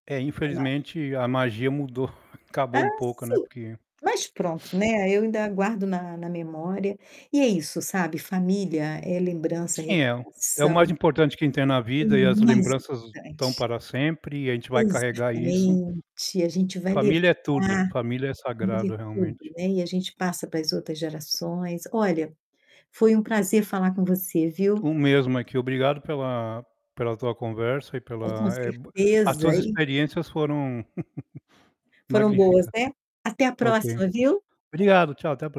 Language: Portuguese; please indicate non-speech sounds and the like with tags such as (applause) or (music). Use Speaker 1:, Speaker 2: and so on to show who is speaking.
Speaker 1: É,
Speaker 2: É mágico.
Speaker 1: infelizmente a magia mudou, (chuckles) acabou
Speaker 2: Ah,
Speaker 1: um pouco, né,
Speaker 2: sim.
Speaker 1: porque
Speaker 2: Mas pronto, né, eu ainda guardo
Speaker 1: (sniffs)
Speaker 2: na na memória. E é isso, sabe, família é lembrança, é
Speaker 1: Sim, é o é o
Speaker 2: recordação.
Speaker 1: mais importante que a gente tem na
Speaker 2: O
Speaker 1: vida e as
Speaker 2: mais
Speaker 1: lembranças estão
Speaker 2: importante.
Speaker 1: para sempre e a gente vai carregar isso.
Speaker 2: Exatamente, e a gente vai levar
Speaker 1: Família é tudo. Família é
Speaker 2: família é
Speaker 1: sagrado,
Speaker 2: tudo,
Speaker 1: realmente.
Speaker 2: né, e a gente passa para as outras gerações. Olha, foi um prazer falar com você, viu.
Speaker 1: O mesmo aqui, obrigado pela pela tua conversa e
Speaker 2: É, com
Speaker 1: pela é, b as
Speaker 2: certeza.
Speaker 1: tuas
Speaker 2: E
Speaker 1: experiências foram (chuckles)
Speaker 2: Foram boas,
Speaker 1: magnífica.
Speaker 2: né. Até a
Speaker 1: Ok,
Speaker 2: próxima, viu.
Speaker 1: obrigado, tchau, até a pro